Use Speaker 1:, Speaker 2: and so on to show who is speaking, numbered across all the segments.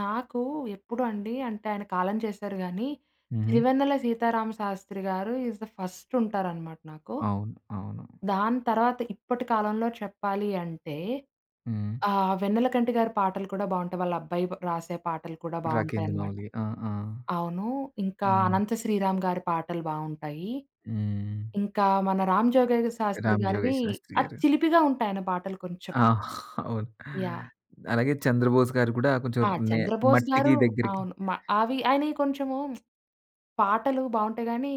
Speaker 1: నాకు, ఎప్పుడండి అంటే ఆయన కాలం చేశారు కానీ.
Speaker 2: ఉహూ!
Speaker 1: 'సిరివెన్నెల సీతారామశాస్త్రి' గారు ఇస్ ది ఫస్టుంటారనమాట నాకు.
Speaker 2: అవును. అవును.
Speaker 1: దాని తర్వాత ఇప్పటి కాలంలో చెప్పాలి అంటే
Speaker 2: హ్మ్.
Speaker 1: ఆహ్, 'వెన్నెలకంటి' గారి పాటలు కూడా బాగుంటాయి. వాళ్ళ అబ్బాయి పా రాసే పాటలు కూడా బాగుంటాయి
Speaker 2: 'రాకేండు
Speaker 1: అన్నమాట.
Speaker 2: మౌలి.' ఆ! ఆ!
Speaker 1: అవును, ఇంకా
Speaker 2: హ్మ్.
Speaker 1: 'అనంత శ్రీరాం' గారి పాటలు బాగుంటాయి,
Speaker 2: హ్మ్.
Speaker 1: ఇంకా మన 'రామ్ జోగగయ్య శాస్త్రి'
Speaker 2: 'రామ్
Speaker 1: గారివి
Speaker 2: జోగయ్య శాస్త్రి'
Speaker 1: ఆ
Speaker 2: గారు.
Speaker 1: చిలిపిగా ఉంటాయి ఆయన పాటలు కొంచెం.
Speaker 2: ఆ! అవును.
Speaker 1: యాహ్!
Speaker 2: అలాగే 'చంద్రబోస్' గారు కూడా కొంచెం
Speaker 1: ఆ!
Speaker 2: నే
Speaker 1: 'చంద్రబోస్'
Speaker 2: మట్టికి
Speaker 1: గారు
Speaker 2: దగ్గిరకి
Speaker 1: అవును. మా అవి ఆయనై కొంచెము పాటలు బాగుంటాయి గాని.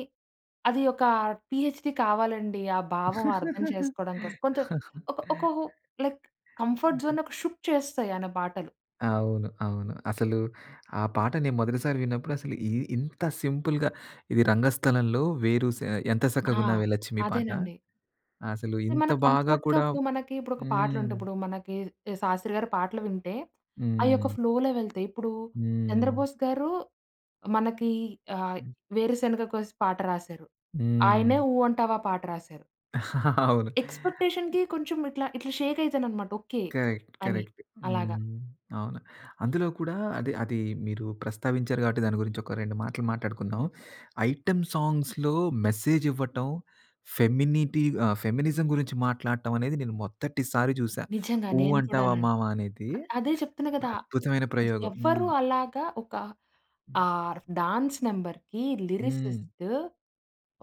Speaker 1: అవి ఒక పీ‌హెచ్‌డి కావాలండి. ఆ! భావం అర్థం చేసుకోవడం కోసం. కొంచెం ఒక ఒక ఓ లైక్ కంఫర్ట్
Speaker 2: యాహ్!
Speaker 1: జోన్‌ను ఒక షుక్ చేస్తాయి ఆయన పాటలు.
Speaker 2: అవును. అవును. అసలు ఆ పాటని మొదటిసారి విన్నప్పుడు అసలు ఇ ఇంత సింపుల్‌గా ఇది 'రంగస్థలంలో' వేరు సే ఆ 'ఎంత
Speaker 1: ఆ!
Speaker 2: సక్కగున్నావే లచ్చిమి' పాట
Speaker 1: అదేనండి.
Speaker 2: అసలు
Speaker 1: అంటే
Speaker 2: ఇంత
Speaker 1: మన
Speaker 2: బాగా
Speaker 1: కంఫర్ట్‌గా
Speaker 2: కూడా
Speaker 1: ఇప్పుడు మనకి ఇప్పుడు ఒక పాటలు
Speaker 2: హ్మ్.
Speaker 1: ఉంటాయి. ఇప్పుడు మనకి కి 'శాస్త్రి' గారి పాటలు వింటే అయ్యొక
Speaker 2: హ్మ్.
Speaker 1: ఫ్లోలో వెళ్తయి. ఇప్పుడు
Speaker 2: హ్మ్.
Speaker 1: 'చంద్రబోస్' గారు మనకి ఆహ్,
Speaker 2: హ్మ్.
Speaker 1: 'వేరుశనగ కోసి' పాట రాసారు. ఆయనే
Speaker 2: హ్మ్.
Speaker 1: 'ఊ అంటావా' పాట రాశారు.
Speaker 2: అవును.
Speaker 1: ఎక్స్‌పెక్‌టే‌షన్‌కి కొంచెం ఇట్లా ఇట్లా షేకైతానన్మాట. ఓకే.
Speaker 2: కరెక్ట్.
Speaker 1: అని
Speaker 2: కరెక్ట్.
Speaker 1: అలాగా.
Speaker 2: హ్మ్. అవును. అందులో కూడా అది అది మీరు ప్రస్తావించారు కాబట్టి దాని గురించి ఒక రెండు మాటలు మాట్లాడుకుందాం. ఐటెమ్ సాంగ్స్‌లో మెసేజ్ ఇవ్వటం, ఫెమినిటి ఆహ్, ఫెమినిజం గురించి మాట్లాడటం అనేది నేను మొదటి సారి చూశా.
Speaker 1: నిజంగా.
Speaker 2: 'ఊ
Speaker 1: నేను
Speaker 2: అంటావా
Speaker 1: కూడానండి.
Speaker 2: మావా" అనేది
Speaker 1: అదే చెప్తున్నా కదా!
Speaker 2: అద్భుతమైన ప్రయోగం.
Speaker 1: ఎవరు
Speaker 2: హ్మ్.
Speaker 1: అలాగా ఒక ఆర్ డాన్స్ నంబర్‌కి
Speaker 2: హ్మ్.
Speaker 1: లిరిసిస్టు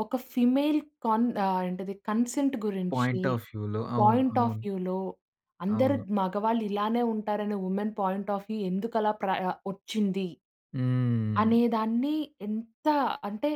Speaker 1: ఒక ఫీమేల్ కన్ ఆ ఏంటిది కన్సెంట్ గురించి
Speaker 2: పాయింట్ ఆఫ్ వ్యూ‌లో అవును.
Speaker 1: పాయింట్ ఆఫ్
Speaker 2: అవును.
Speaker 1: వ్యూలో 'అందరు
Speaker 2: అవును.
Speaker 1: మగవాళ్ళు ఇలానే ఉంటారనే వుమెన్ పాయింట్ ఆఫ్ వ్యూ ఎందుకు అలా ప్రయ వచ్చింది.
Speaker 2: హ్మ్.
Speaker 1: అనేదాన్ని ఎంత అంటే.